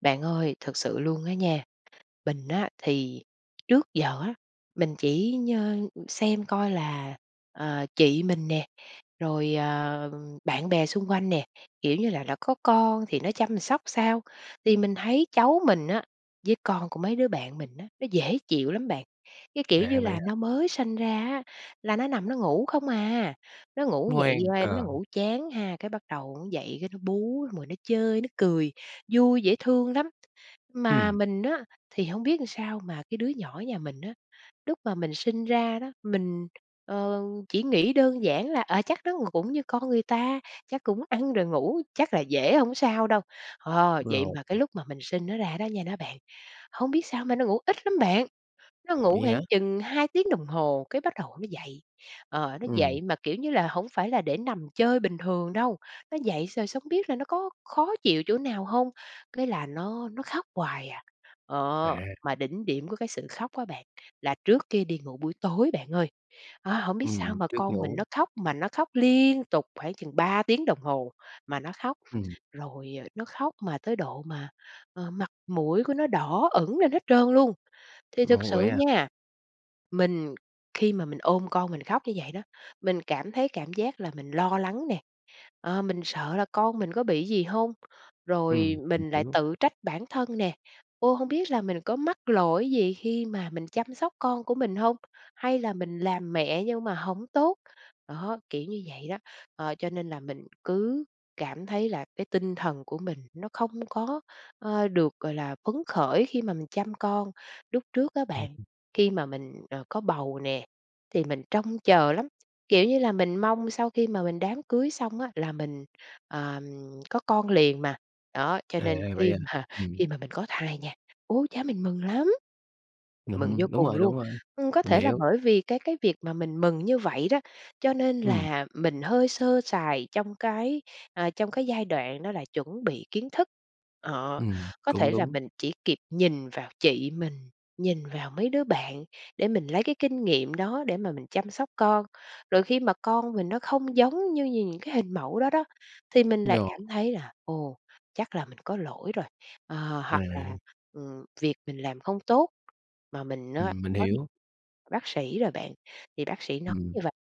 Bạn ơi, thật sự luôn á nha, mình á thì trước giờ á, mình chỉ nhơ xem coi là, ờ, chị mình nè, rồi, ờ, bạn bè xung quanh nè, kiểu như là, đã có con thì nó chăm sóc sao. Thì mình thấy cháu mình á với con của mấy đứa bạn mình á, nó dễ chịu lắm bạn, cái, kiểu À, như vậy là, hả? nó mới sinh ra á là nó nằm nó ngủ không à, nó ngủ dậy Ngoan, qua nó ờ. ngủ chán ha, cái bắt đầu nó dậy cái nó bú xong rồi nó chơi nó cười, vui dễ thương lắm. Mà Ừm. mình á, thì hông biết làm sao mà cái đứa nhỏ nhà mình á, lúc mà mình sinh ra đó, mình, ờ, chỉ nghĩ đơn giản là, à, chắc nó cũng như con người ta, chắc cũng ăn rồi ngủ chắc là dễ hổng sao đâu. Ờ, vậy Rồi. mà cái lúc mà mình sinh nó ra đó nha đó bạn, hông biết sao mà nó ngủ ít lắm bạn, nó ngủ Vậy hả? khoảng chừng 2 tiếng đồng hồ cái bắt đầu nó dậy. Ờ, nó Ừm. dậy mà, kiểu như là, hổng phải là để nằm chơi bình thường đâu, nó dậy rồi xong hông biết là nó có khó chịu chỗ nào hông? Cái là nó nó khóc hoài à. Ờ, À. mà đỉnh điểm của cái sự khóc á bạn, là trước khi đi ngủ buổi tối bạn ơi. Ờ, hổng biết sao Ừm, mà trước con mình ngủ. nó khóc mà nó khóc liên tục khoảng chừng 3 tiếng đồng hồ, mà nó khóc, Ừm. rồi, à, nó khóc mà tới độ mà, ờ, mặt mũi của nó đỏ ửng lên hết trơn luôn. Thì thực Ồ, sự vậy à? nha, mình khi mà mình ôm con mình khóc như vậy đó, mình cảm thấy cảm giác là mình lo lắng nè, ờ, mình sợ là con mình có bị gì hông, rồi Ừm, mình mình lại hiểu. tự trách bản thân nè, ô, hông biết là mình có mắc lỗi gì khi mà mình chăm sóc con của mình hông, hay là mình làm mẹ nhưng mà hổng tốt? Đó, kiểu như vậy đó. Ờ, cho nên là mình cứ cảm thấy là cái tinh thần của mình nó không có, ờ, được gọi là phấn khởi khi mà mình chăm con. Lúc trước á Ừm. bạn, khi mà mình, ờ, có bầu nè, thì mình trông chờ lắm, kiểu như là, mình mong sau khi mà mình đám cưới xong á là mình, ờ, có con liền mà, đó. Cho À, nên vậy khi à, mà ừm. khi mà mình có thai nha, ôi cha, mình mừng lắm, mừng vô Ừm, đúng cùng rồi, luôn! đúng rồi, Ừ, có mình thể là hiểu. bởi vì cái cái việc mà mình mừng như vậy đó, cho nên Ừm. là mình hơi sơ sài trong cái, à, trong cái giai đoạn nó là chuẩn bị kiến thức. Ờ, Ừm, có cũng thể là đúng. mình chỉ kịp nhìn vào chị mình, nhìn vào mấy đứa bạn để mình lấy cái kinh nghiệm đó để mà mình chăm sóc con, rồi khi mà con mình nó không giống như như những cái hình mẫu đó đó, thì mình lại Nhờ. cảm thấy là, ồ, chắc là mình có lỗi rồi, ờ, hoặc là, À! ừ, việc mình làm không tốt. Mà mình á, Ừm, mình có đi hiểu. bác sĩ rồi bạn, thì bác sĩ nói Ừm. như vầy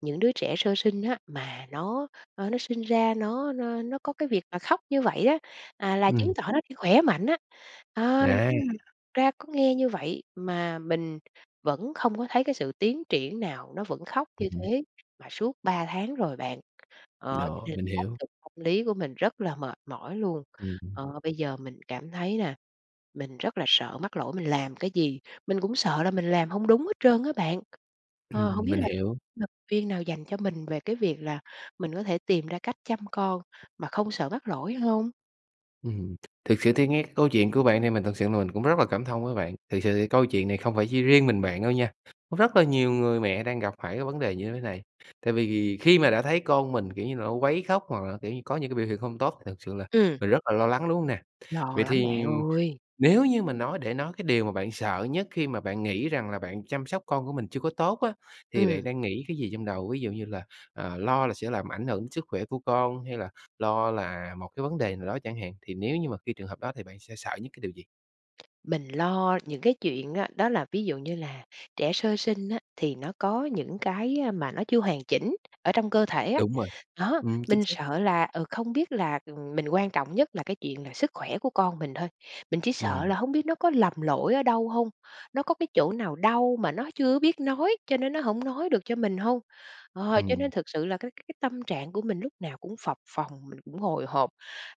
những đứa trẻ sơ sinh á, mà nó, ơ, nó sinh ra nó nó nó có cái việc mà khóc như vậy á, à, là chứng Ừm. tỏ nó đi khỏe mạnh á. Ờ. À! nhưng mà thực ra có nghe như vậy mà mình vẫn không có thấy cái sự tiến triển nào, nó vẫn khóc Ừ như hứ. thế mà suốt 3 tháng rồi bạn, ờ, cho Đó, nên mình áp hiểu. lực tâm lý của mình rất là mệt mỏi luôn. Ừm. Ờ, bây giờ mình cảm thấy là mình rất là sợ mắc lỗi mình làm cái gì, mình cũng sợ là mình làm hông đúng hết trơn á bạn. Ờ, hông Ừm, biết mình là hiểu. [unintelligible] viên nào dành cho mình về cái việc là mình có thể tìm ra cách chăm con mà không sợ mắc lỗi hông? Ừm, thiệt sự thì nghe cái câu chuyện của bạn thì mình thật sự là mình cũng rất là cảm thông với bạn. Thiệt sự thì câu chuyện này không phải chỉ riêng mình bạn đâu nha, có rất là nhiều người mẹ đang gặp phải cái vấn đề như thế này, tại vì khi mà đã thấy con mình, kiểu như là, nó quấy khóc, hoặc là, kiểu như, có những cái biểu hiện không tốt thật sự là Ừm. mình rất là lo lắng, đúng hông nè? Lo Vậy lắm thì bạn ơi! nếu như mà nói để nói, cái điều mà bạn sợ nhất khi mà bạn nghĩ rằng là bạn chăm sóc con của mình chưa có tốt á, thì bạn Ừm. đang nghĩ cái gì trong đầu? Ví dụ như là, à, lo là sẽ làm ảnh hưởng sức khỏe của con hay là lo là một cái vấn đề nào đó chẳng hạn, thì nếu như mà khi trường hợp đó thì bạn sẽ sợ nhất cái điều gì? Mình lo những cái chuyện á, đó là ví dụ như là trẻ sơ sinh á, thì nó có những cái mà nó chưa hoàn chỉnh ở trong cơ thể á. Đúng rồi. Đó, Ừm, chính mình xác. sợ là, ừ, không biết là, ừm, mình quan trọng nhất là cái chuyện là sức khỏe của con mình thôi, mình chỉ sợ Ừm. là hông biết nó có lầm lỗi ở đâu hông, nó có cái chỗ nào đau mà nó chưa biết nói, cho nên nó hổng nói được cho mình hông. Ờ, cho Ừm. nên thực sự là cái cái tâm trạng của mình lúc nào cũng phập phồng, mình cũng hồi hộp,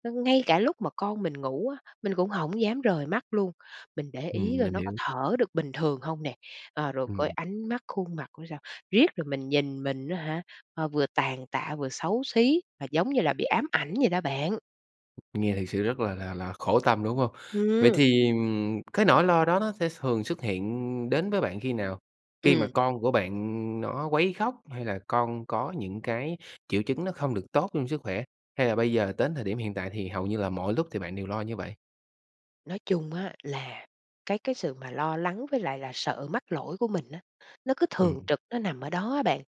ng ngay cả lúc mà con mình ngủ á, mình cũng hổng dám rời mắt luôn. Mình để Ừm, ý coi mình nó có hiểu. thở được bình thường hông nè, à, rồi coi Ừm. ánh mắt, khuôn mặt của sao, riết rồi mình nhìn mình á hả, ờ, vừa tàn tạ vừa xấu xí mà giống như là bị ám ảnh vậy đó bạn. Nghe thực sự rất là là là khổ tâm, đúng hông? Vậy Ừm. thì, ừm, cái nỗi lo đó nó sẽ thường xuất hiện đến với bạn khi nào? Khi mà Ừm. con của bạn nó quấy khóc, hay là con có những cái triệu chứng nó không được tốt trong sức khỏe, hay là bây giờ đến thời điểm hiện tại thì hầu như là mọi lúc thì bạn đều lo như vậy? Nói chung á, là cái cái sự mà lo lắng với lại là sợ mắc lỗi của mình á, nó cứ Ừm. thường trực nó nằm ở đó á bạn.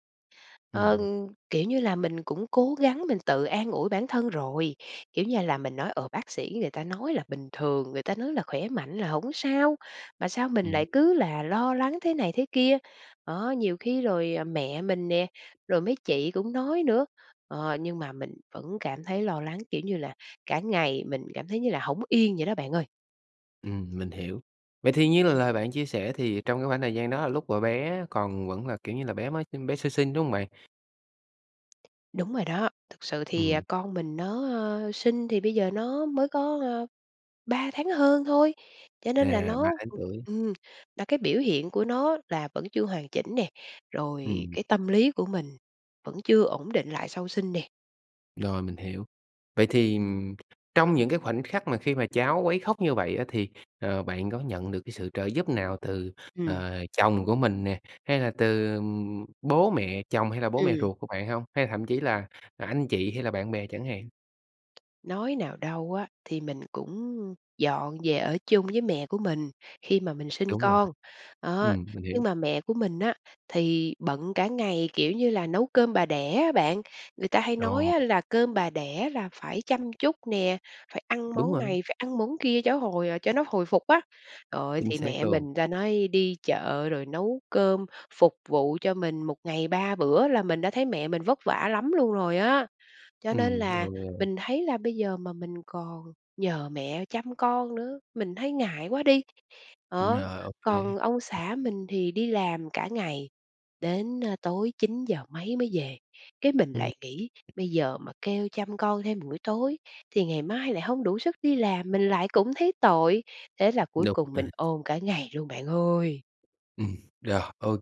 Ừm, Ờ, ừm. kiểu như là mình cũng cố gắng mình tự an ủi bản thân rồi, kiểu như là mình nói, ờ, bác sĩ người ta nói là bình thường, người ta nói là khỏe mạnh là hổng sao, mà sao mình Ừm. lại cứ là lo lắng thế này thế kia đó. Đó, nhiều khi rồi mẹ mình nè, rồi mấy chị cũng nói nữa, ờ, nhưng mà mình vẫn cảm thấy lo lắng, kiểu như là cả ngày mình cảm thấy như là hổng yên vậy đó, bạn ơi. Ừm, mình hiểu. Vậy thì như là lời bạn chia sẻ thì trong cái khoảng thời gian đó lúc mà bé còn vẫn là, kiểu như là, bé mới sinh bé sơ sinh, đúng hông bạn? Đúng rồi đó, thực sự thì, à, Ừm. con mình nó, ờ, sinh thì bây giờ nó mới có, à, 3 tháng hơn thôi, cho nên là À, 3 nó tháng tuổi. ừm, và cái biểu hiện của nó là vẫn chưa hoàn chỉnh nè, rồi Ừm. cái tâm lý của mình vẫn chưa ổn định lại sau sinh nè. Rồi, mình hiểu. Vậy thì, ừm, trong những cái khoảnh khắc mà khi mà cháu quấy khóc như vậy á, thì, ờ, bạn có nhận được cái sự trợ giúp nào từ, Ừm. ờ, chồng của mình nè, hay là từ bố mẹ chồng hay là bố mẹ Ừm. ruột của bạn hông? Hay là thậm chí là, à, anh chị hay là bạn bè chẳng hạn? Nói nào đâu á, thì mình cũng dọn về ở chung với mẹ của mình khi mà mình sinh Đúng rồi. con, đó. Ừm, mình Nhưng hiểu. mà mẹ của mình á thì bận cả ngày, kiểu như là, nấu cơm bà đẻ á bạn. Người ta hay nói Ồ. á là cơm bà đẻ là phải chăm chút nè, phải ăn Đúng món rồi. này, phải ăn món kia cho hồi cho nó hồi phục á. Trời ơi, Chính thì xác mẹ luôn. mình ta nói đi chợ rồi nấu cơm, phục vụ cho mình một ngày 3 bữa là mình đã thấy mẹ mình vất vả lắm luôn rồi á. Cho nên Ừm, là OK. mình thấy là bây giờ mà mình còn nhờ mẹ chăm con nữa, mình thấy ngại quá đi, đó. Rồi, OK. Còn ông xã mình thì đi làm cả ngày đến, à, tối 9:00 mấy mới về, cái mình Ừm. lại nghĩ bây giờ mà kêu chăm con thêm buổi tối thì ngày mai lại hông đủ sức đi làm, mình lại cũng thấy tội. Thế là cuối Đúng cùng rồi. mình ôm cả ngày luôn bạn ơi! Ừm, rồi, OK.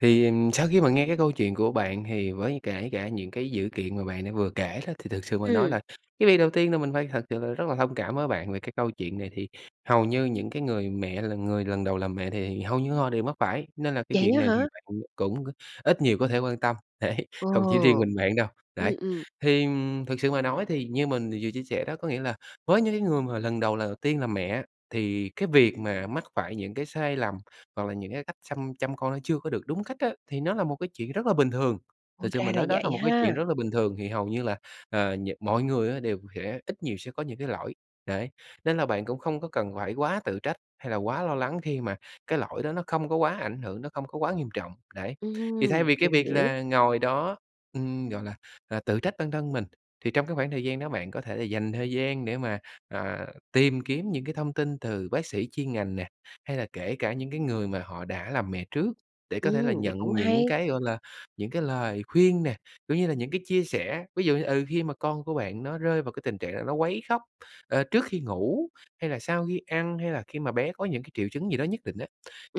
Thì sau khi mà nghe cái câu chuyện của bạn thì với kể cả những cái dữ kiện mà bạn đã vừa kể đó, thì thực sự mà nói Ừm. là cái việc đầu tiên là mình phải thật sự là rất là thông cảm với bạn. Về cái câu chuyện này thì hầu như những cái người mẹ là người lần đầu làm mẹ thì hầu như họ đều mắc phải, nên là cái Vậy chuyện á này thì hả? bạn cũng ít nhiều có thể quan tâm, đấy, Ồ. không chỉ riêng mình bạn đâu, Ừm, đấy. ừm. Thì, ừm, thực sự mà nói thì như mình vừa chia sẻ đó, có nghĩa là với những cái người mà lần đầu lần đầu tiên làm mẹ á, thì cái việc mà mắc phải những cái sai lầm hoặc là những cái cách xăm chăm con nó chưa có được đúng cách á, thì nó là một cái chuyện rất là bình thường. Ồ, Thực sự ra mà là nói, đó là vậy một cái chuyện ha! rất là bình thường, thì hầu như là, ờ, những mọi người đều sẽ ít nhiều sẽ có những cái lỗi, đấy. Nên là bạn cũng không có cần phải quá tự trách hay là quá lo lắng khi mà cái lỗi đó nó không có quá ảnh hưởng, nó không có quá nghiêm trọng, đấy. Thì Ừm, thay vì cái mình việc hiểu. là ngồi đó, ừm, gọi là, à, tự trách bản thân mình, thì trong cái khoảng thời gian đó bạn có thể là dành thời gian để mà, ờ, tìm kiếm những cái thông tin từ bác sĩ chuyên ngành nè, hay là kể cả những cái người mà họ đã làm mẹ trước để có thể là Ừm, vậy cũng nhận những hay. cái, gọi là, những cái lời khuyên nè, cũng như là những cái chia sẻ. Ví dụ như, ừ, khi mà con của bạn nó rơi vào cái tình trạng nó quấy khóc, ờ, trước khi ngủ hay là sau khi ăn, hay là khi mà bé có những cái triệu chứng gì đó nhất định á,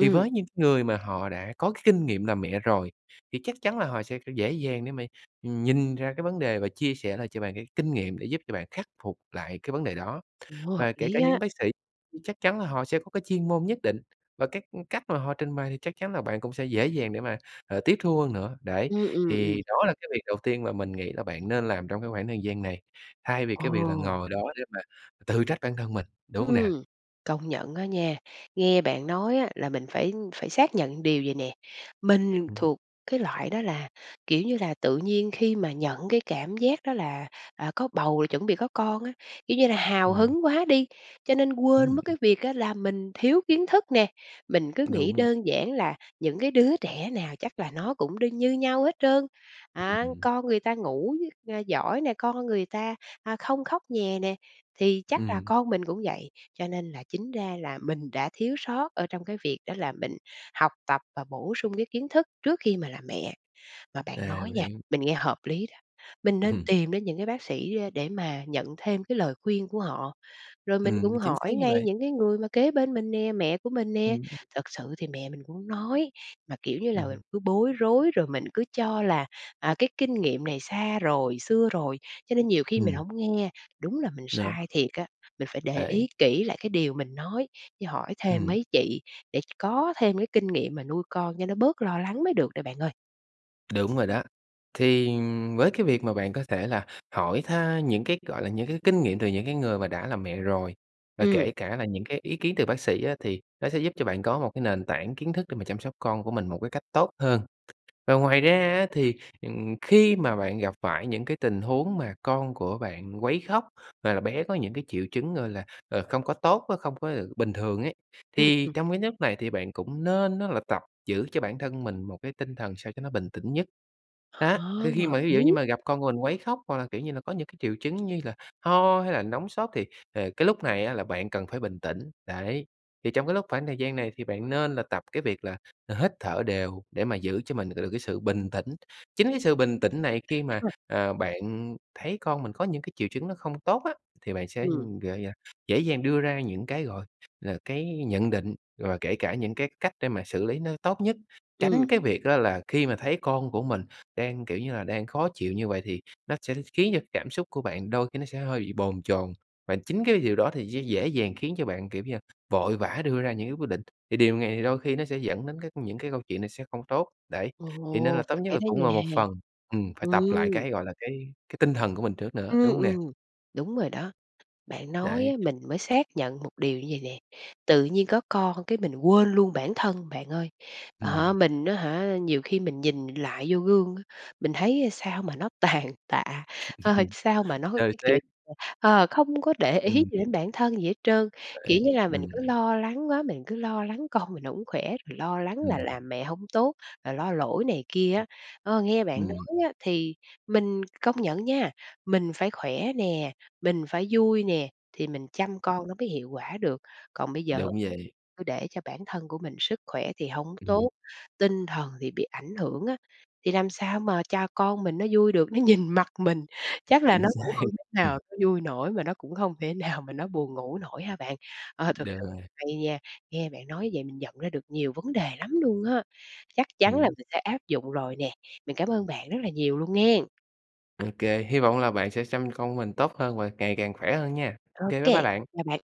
thì với những người mà họ đã có cái kinh nghiệm làm mẹ rồi, thì chắc chắn là họ sẽ dễ dàng để mà, ừm, nhìn ra cái vấn đề và chia sẻ lại cho bạn cái kinh nghiệm, để giúp cho bạn khắc phục lại cái vấn đề đó. Ừ, hợp Và kể cả lý những á. bác sĩ thì chắc chắn là họ sẽ có cái chuyên môn nhất định, và các cách mà họ trình bày thì chắc chắn là bạn cũng sẽ dễ dàng để mà, ờ, tiếp thu hơn nữa, đấy. Ừm, ừm, Thì ừm. đó là cái việc đầu tiên mà mình nghĩ là bạn nên làm trong cái khoảng thời gian này, thay vì cái việc là Ồ. ngồi đó để mà tự trách bản thân mình, đúng hông nè? Ừm, công nhận á nha. Nghe bạn nói á là mình phải phải xác nhận điều vầy nè, mình Ừm. thuộc cái loại đó là, kiểu như là, tự nhiên khi mà nhận cái cảm giác đó là, à, có bầu rồi chuẩn bị có con á, kiểu như là hào Ừm. hứng quá đi, cho nên quên Ừm. mất cái việc á là mình thiếu kiến thức nè. Mình cứ nghĩ Đúng. đơn giản là những cái đứa trẻ nào chắc là nó cũng đương như nhau hết trơn. Á, Ừm. con người ta ngủ, ờ, giỏi nè, con người ta, à, không khóc nhè nè, thì chắc là Ừm. con mình cũng vậy. Cho nên là chính ra là mình đã thiếu sót ở trong cái việc đó là mình học tập và bổ sung cái kiến thức trước khi mà làm mẹ. Mà bạn À, nói mình nha, hiểu. mình nghe hợp lý đó. Mình nên Ừm. tìm đến những cái bác sĩ để mà nhận thêm cái lời khuyên của họ, rồi mình cũng Ừm, chính xác hỏi như ngay vậy. những cái người mà kế bên mình nè, mẹ của mình nè. Ừm. Thật sự thì mẹ mình cũng nói, mà, kiểu như là, Ừm. cứ bối rối rồi mình cứ cho là, à, cái kinh nghiệm này xa rồi, xưa rồi, cho nên nhiều khi mình Ừm. hổng nghe. Đúng là mình Đó! sai thiệt á! Mình phải để ý Đấy. kỹ lại cái điều mình nói, với hỏi thêm Ừm. mấy chị để ch có thêm cái kinh nghiệm mà nuôi con cho nó bớt lo lắng mới được đây bạn ơi. Đúng rồi đó. Thì, ừm, với cái việc mà bạn có thể là hỏi tha những cái, gọi là, những cái kinh nghiệm từ những cái người mà đã làm mẹ rồi, và Ừm. kể cả là những cái ý kiến từ bác sĩ á, thì nó sẽ giúp cho bạn có một cái nền tảng kiến thức để mà chăm sóc con của mình một cái cách tốt hơn. Và ngoài ra á, thì, ừm, khi mà bạn gặp phải những cái tình huống mà con của bạn quấy khóc, hoặc là bé có những cái triệu chứng, gọi là, ờ, không có tốt á, không có được bình thường ấy, Ừm, thì ừm. trong cái nhất này thì bạn cũng nên á là tập giữ cho bản thân mình một cái tinh thần sao cho nó bình tĩnh nhất, á. Ha! Thì khi mà hợp ví dụ như lý. mà gặp con của mình quấy khóc hoặc là, kiểu như là, có những cái triệu chứng như là ho hay là nóng sốt thì, ờ, cái lúc này á là bạn cần phải bình tĩnh, đấy. Thì trong cái lúc khoảng thời gian này thì bạn nên là tập cái việc là, ờ, hít thở đều để mà giữ cho mình được cái sự bình tĩnh, chính cái sự bình tĩnh này khi mà, [unintelligible] ờ, bạn thấy con mình có những cái triệu chứng nó không tốt á, thì bạn sẽ, Ừm. gợi à, dễ dàng đưa ra những cái, gọi là, cái nhận định, rồi kể cả những cái cách để mà xử lý nó tốt nhất. Ừm. Tránh cái việc á là khi mà thấy con của mình đang, kiểu như là, đang khó chịu như vậy thì nó sẽ khiến cho cảm xúc của bạn đôi khi nó sẽ hơi bị bồn chồn, và chính cái điều đó thì sẽ dễ dàng khiến cho bạn, kiểu như, vội vã đưa ra những cái quyết định, thì điều này thì đôi khi nó sẽ dẫn đến cái những cái câu chuyện này sẽ không tốt, đấy. Thì nên Ồ! là tốt Ph nhất phải là thế cũng là nha. ngồi một phần, ừm, phải tập lại Ừm. cái, gọi là, cái cái tinh thần của mình trước nữa, đúng Ừm, hông nè? ừm, đúng rồi đó. Bạn nói Đấy. á, mình mới xác nhận một điều như vậy nè, tự nhiên có con cái mình quên luôn bản thân bạn ơi. À há, Ừm. mình á hả, nhiều khi mình nhìn mình lại vô gương, mình thấy, a, sao mà nó tàn tạ, ơ, sao mà nó, Xơ cái kiểu, xác. ờ, ờ, không có để ý Ừm. gì đến bản thân gì hết trơn, kiểu Đấy, như là, mình ừm. cứ lo lắng quá, mình cứ lo lắng con mình hổng khỏe, rồi lo lắng là Ừm. làm mẹ hổng tốt, rồi lo lỗi này kia á. [unintelligible] Ơ, nghe bạn Ừm. nói á thì mình công nhận nha, mình phải khỏe nè, mình phải vui nè, thì mình chăm con nó mới hiệu quả được. Còn bây giờ Đúng vậy. cứ để cho bản thân của mình sức khỏe thì hổng Ừm. tốt, tinh thần thì bị ảnh hưởng á, thì làm sao mà cho con mình nó vui được. Nó nhìn mặt mình, chắc là Chính nó cũng xác, hông thể nào hừm. nó vui nổi, mà nó cũng không thể nào mà nó buồn ngủ nổi hả bạn? Ờ, thực Được sự rồi. hay nha, nghe bạn nói vậy mình nhận ra được nhiều vấn đề lắm luôn á, chắc chắn là Ừm. mình sẽ áp dụng rồi nè, mình cảm ơn bạn rất là nhiều luôn nghen! OK, hy vọng là bạn sẽ xăm con mình tốt hơn và ngày càng khỏe hơn nha. OK, bye bye OK. bạn! Bye bạn.